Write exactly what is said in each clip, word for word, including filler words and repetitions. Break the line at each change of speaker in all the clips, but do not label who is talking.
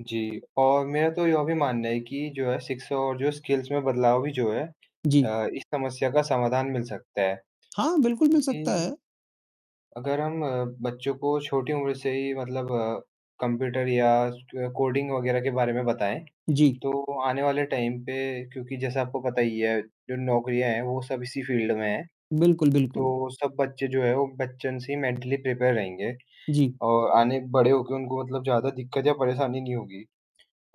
जी, और मेरा तो यह भी मानना है कि जो है शिक्षा और जो स्किल्स में बदलाव भी जो है
जी।
अ, इस समस्या का समाधान मिल सकता है।
हाँ, बिल्कुल मिल सकता
क्योंकि
है।
अगर हम अ, बच्चों को छोटी उम्र से ही मतलब अ, कंप्यूटर या स कोडिंग वगैरह के बारे में बताएँ
जी।
तो आने वाले टाइम पे क्योंकि जैसा आपको पता ही है जो नौकरियाँ है वो सब इसी फील्ड में है।
बिल्कुल, बिल्कुल।
तो सब बच्चे जो है वो बच्चन से ही मेंटली प्रिपेयर रहेंगे
जी।
और आने बड़े होके उनको मतलब ज़्यादा दिक्कत या परेशानी नहीं होगी।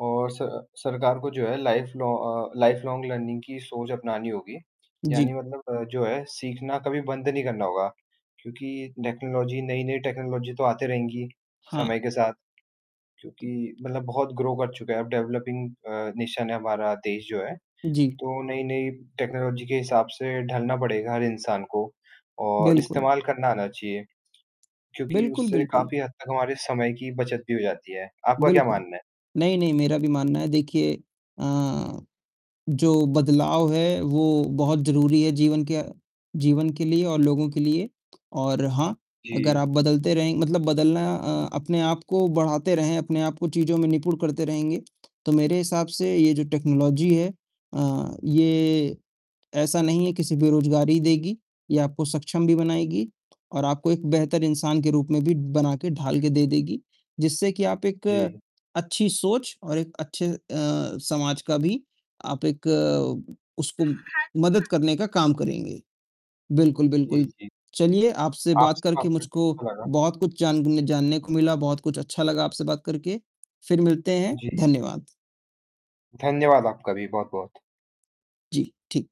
और स सरकार को जो है life long uh, life long learning की सोच अपनानी होगी। यानी
जी।
मतलब अ, जो है सीखना कभी बंद नहीं करना होगा। क्योंकि टेक्नोलॉजी नई-नई टेक्नोलॉजी तो आती रहेंगी,
हाँ।
समय के साथ। क्योंकि मतलब बहुत ग्रो कर चुका है। अब डेवलपिंग अ, नेशन है हमारा देश जो है।
जी।
तो नई-नई टेक्नोलॉजी के हिसाब से ढलना पड़ेगा हर इंसान को और
बिल्कुल।
इस्तेमाल करना आना चाहिए। क्योंकि
बिल्कुल,
उससे
बिल्कुल।
काफ़ी हद तक हमारे समय की बचत भी हो जाती है। आपका क्या
बिल्कुल,
मानना है?
नहीं-नहीं मेरा भी मानना है देखिए अ, जो बदलाव है, वो बहुत ज़रूरी है जीवन क्य जीवन के लिए और लोगों के लिए। और हाँ अगर
जी।
आप बदलते रहेंगे मतलब बदलना अ अपने आप को बढ़ाते रहें, अपने आप को चीज़ में निपुण करते रहेंगे, तो मेरे हिसाब से ये जो टेक्नोलॉजी है अ, ये ऐसा नहीं है कि सिर्फ बेरोज़गारी देगी, ये आपको सक्षम भी बनाएगी और आपको एक बेहतर इंसान के रूप में भी बना के ढाल के दे देगी। जिससे कि आप एक अ
जी।
अच्छी सोच और एक अच्छे अ, समाज का भी आप एक अ, उसको मदद करने का काम करेंगे। बिल्कुल,
जी,
बिल्कुल।
जी।
चलिए आपसे बात
आपसे बात
करके
करके
मुझको
अच्छा लगा।
बहुत कुछ जानन जानने को मिला, बहुत कुछ अच्छा लगा आपसे बात करके, फिर मिलते हैं।
जी।
धन्यवाद।
धन्यवाद आपका भी बहुत-बहुत।
जी, ठीक।